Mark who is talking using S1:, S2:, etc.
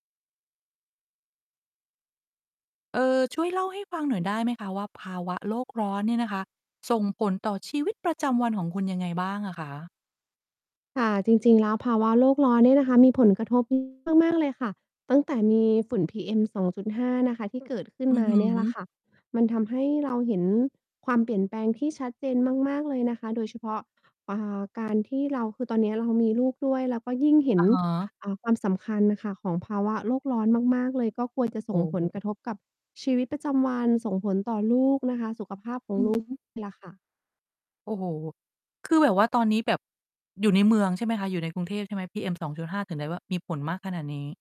S1: เอ่อ ช่วยเล่าให้ฟังหน่อยได้ไหมคะว่า ภาวะโลกร้อนเนี่ยนะคะ ส่งผลต่อชีวิตประจำวันของคุณยังไงบ้างอะคะ?
S2: ค่ะ จริง ๆ แล้วภาวะโรคร้อนเนี่ยนะคะ มีผลกระทบ [unintelligible] มาก ๆ เลยค่ะ ตั้งแต่มีฝุ่น PM2.5 นะคะที่เกิดขึ้น
S1: อือ
S2: มา
S1: ฮ
S2: เนี่ยแหละ
S1: ึ
S2: ค่ะ มันทำให้ เรา เห็นความเปลี่ยนแปลงที่ชัดเจนมาก ๆ เลยนะคะ โดยเฉพาะ อ่า การที่เรา คือตอนเนี้ยเรามีลูกด้วย เราก็ยิ่งเห็
S1: อ
S2: น
S1: ะฮะ
S2: อ่า ความสำคัญน่ะค่ะของภาวะโลกร้อนมาก ๆ เลย ก็ กลัว จะ
S1: โ
S2: ส
S1: อ้
S2: ่งผ
S1: โ
S2: ลกร
S1: ฮ
S2: ะทบกับชีวิตประจำวัน ส่งผลต่อลูกนะคะ สุขภาพขอ
S1: อ
S2: ง
S1: ือ
S2: ลู
S1: ฮ
S2: ก
S1: ึ
S2: ล่ะค่ะ
S1: โอ้โฮ คือแบบว่าตอนนี้แบบ อยู่ในเมืองใช่ไหมคะ? อยู่ในกรุงเทพใช่ไหม? PM2.5 ถึงได้ว่า มีผลมากขนาดนี้